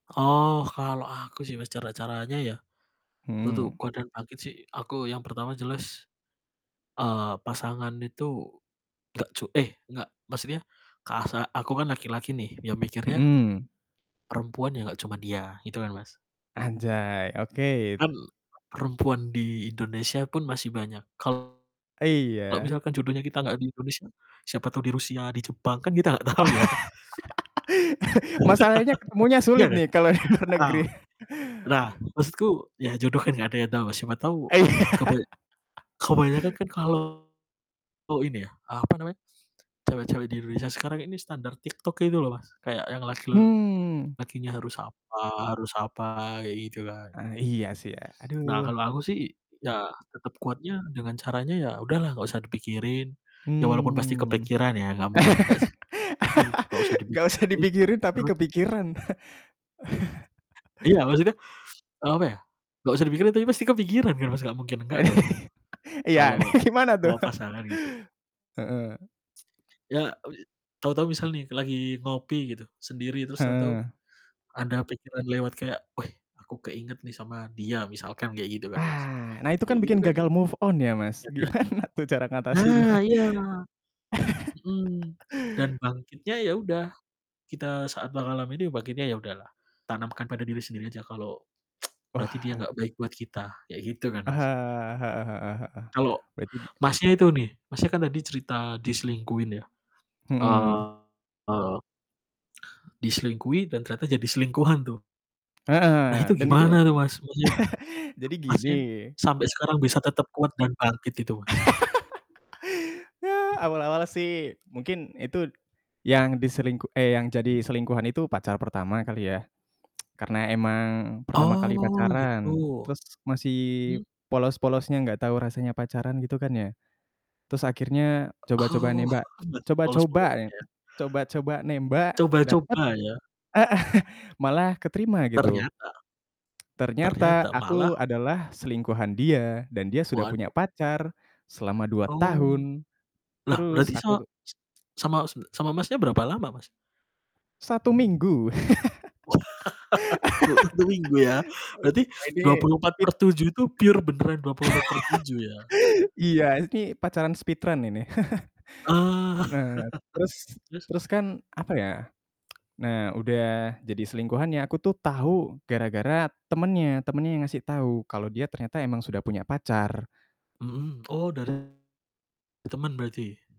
Oh, kalau aku sih, Mas, cara-caranya ya untuk Hmm. kuat dan bangkit sih aku yang pertama jelas, eee, pasangan itu nggak cu eh, enggak, maksudnya kasa aku kan laki-laki nih ya mikirnya Mhm. perempuan ya nggak cuman dia, gitu kan, Mas. Anjay, oke. Kan perempuan di Indonesia pun masih banyak. Kalau, Iya. misalkan jodohnya kita nggak di Indonesia, siapa tahu di Rusia, di Jepang kan kita nggak tahu ya. Masalahnya ketemunya Iya sulit kan? nih kalau di luar Heeh. negeri. Nah, maksudku ya jodoh kan nggak ada yang tahu, Mas. Siapa tahu Iya. kebay kebanyakan kan kalau ini ya, apa namanya, cewek-cewek di Indonesia sekarang ini standar TikTok gitu loh, Mas, kayak yang Mmm. laki-lakinya harus apa harus apa kayak gitu kan. Ah, iya sih ya. Aduh. Nah, kalau aku sih ya tetap kuatnya dengan caranya, ya udahlah nggak usah dipikirin. Ya walaupun pasti Mmm. kepikiran ya nggak mungkin enggak sih. Tapi ya tetep nggak usah Nggak usah dipikirin, dipikirin tapi terus kepikiran. Iya, maksudnya, eee, apa ya, nggak usah dipikirin tapi pasti kepikiran kan, Mas, nggak mungkin enggak dong? Iya, nih Kalau gimana tuh? soal pasangan gitu. Heeh. Ya, tahu-tahu misal nih lagi ngopi gitu sendiri, terus tahu-tahu Heeh. ada pikiran lewat kayak, "Weh, aku keinget nih sama dia." Misalkan kayak gitu kan, Mas. Ah, nah itu Kayak kan gitu bikin kan gagal move on ya, bisa Mas. jadi Gimana tuh cara nah ngatasinnya? iya! Mhm. Dan bangkitnya ya udah, kita saat mengalami ini bangkitnya ya udahlah, tanamkan pada diri sendiri aja kalau berarti dia Wah. nggak baik buat kita, kayak gitu kan, Aha, Mas. heeh heeh heeh. Kalau Berarti di mmm. Masnya itu nih, Masnya kan tadi cerita diselingkuhin ya, Mhm. eee diselingkuhin dan ternyata jadi selingkuhan tuh. Nah, itu Heeh, dan itu gimana tuh, Mas? Maksudnya jadi gini Masnya sampai sekarang bisa tetap kuat dan bangkit itu, Mas? Ya, awal-awal sih mungkin itu yang diselingku eh yang jadi selingkuhan itu pacar pertama kali ya. Karena emang pertama kali Oh, pacaran, gitu. terus masih Mhm. polos-polosnya nggak tahu rasanya pacaran gitu kan ya. Terus akhirnya coba-coba Oh, nembak. masih Coba-coba ya. polos-polosnya ya? Coba-coba nembak dapet Coba-coba ya? heeh. Malah keterima gitu. Ternyata Ternyata ternyata malah aku adalah selingkuhan dia dan dia sudah punya Waduh. pacar selama 2 Oh. tahun. Lah, Terus berarti sama aku tu s sama e sama Masnya berapa lama, Mas? 1 minggu. Wah. Cuma 1 minggu ya. Berarti Ah dua ini puluh empat per speed tujuh itu pure beneran 24/7 ya? Iya, ini pacaran speedrun ini. Ah. Nah, terus Terus? terus kan apa ya? Nah, udah jadi selingkuhannya, aku tuh tahu gara-gara temennya, temennya yang ngasih tahu kalau dia ternyata emang sudah punya pacar. Mhm, oh dari temen berarti?